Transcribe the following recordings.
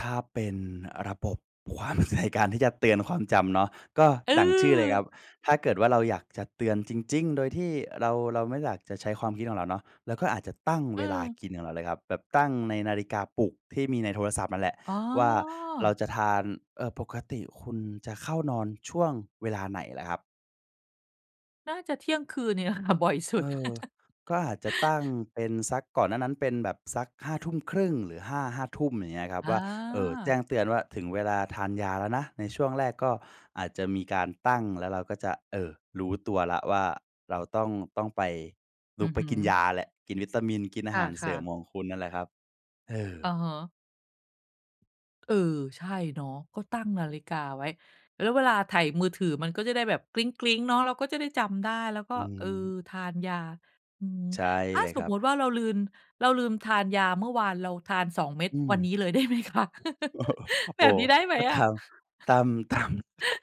ถ้าเป็นระบบ ความ ใน การที่จะเตือนความจำเนาะ ก็ดั่งชื่อเลยครเออ ับ ถ้าเกิดว่าเราอยากจะเตือนจริง ๆ โดยที่เรา เราไม่อยากจะใช้ความคิดของเราเนาะ เราก็อาจจะตั้งเเวลาออ กินของเราเลยครับ แบบตั้งในนาฬิกาปลุกที่มีในโทรศัพท์นั่นแหละอ๋อ ว่าเราจะทาน เอ่อ ปกติคุณจะเข้านอนช่วงเวลาไหนล่ะครับ? น่าจะเที่ยงคืนเนี่ย อะค่ะบ่อยสุเอด อ ก็อาจจะตั้งเป็นสัก ก่อนหน้านั้นเป็นแบบสัก 23:30 หรือห้า 5 ทุ่ม อย่างเงี้ยครับ อว่า เอ่อ แจ้า งเตือนว่าถึงเวลาทานยาแล้วนะ ในช่วงแรกก็อาจจะมีการตั้ง แล้วเราก็จะ เอ่อ รู้ตัวแล้วว่าเราต้อง ต้องไป ลอืุกอไปฮึ กินยาแล้ว กินวิตามิน กินอคาหารเส่ระ ิมๆ ของคุณนั่นแหละครับ เออ อะฮะ เออ ใช่เนาะ ก็ตั้งนาฬิกาไว้ แล้วเวลาไถมือถือ มันก็จะได้แบบ เนาะ เราก็จะได้จำได้ แล้วก็ อืเอ่อ ม ทานยา อือฮึ ใช่ถ้เาลยสครมัมุตบ ิว่าเราลืม เราลืมทานยาเมื่อวาน เราทาน 2 เม็ดอืวม ันนี้เลย ได้ไหมคะ? โอ้แบโฮ บนี้ได้ไหมถ้า อตะ? าม ตาม ตาม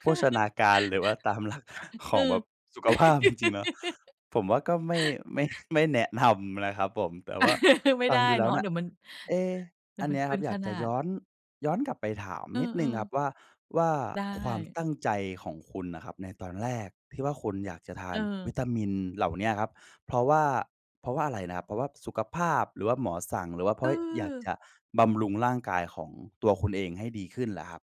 โภชนาการ หรือว่าตาม หลัก ขเอองแบอ บสุขภาพจริง ๆ เนาะ ผมว่าก็ไม่ ไม่ ไม่แนะนำนะครับผม แต่ว่าไม่ฟัไงด้ดูแลเ้นวาะ น่เดะ ี๋ยวมัน เอ๊ะ เดีอ๋ัยนวมเันีน้ยเกคริับนอยขากจนะายด ้อน ย้อนกลับไปถามเอนิดหนึ่งครับอ ๆ ว่า ว่าไดความ้ ตั้งใจของคุณน่ะครับในตอนแรกที่ว่าคุณอยากจะทาเนวออ ิตามินเหล่าเนี้ยครับ เพราะว่า เพราะว่าอะไรนะครับ เพราะว่าสุขภาพ หรือว่าหมอสั่ง หรือว่าเพราะอยากเจออ ะบำรุงร่างกายของตัว คุณเองให้ดีขึ้นล่ะครับ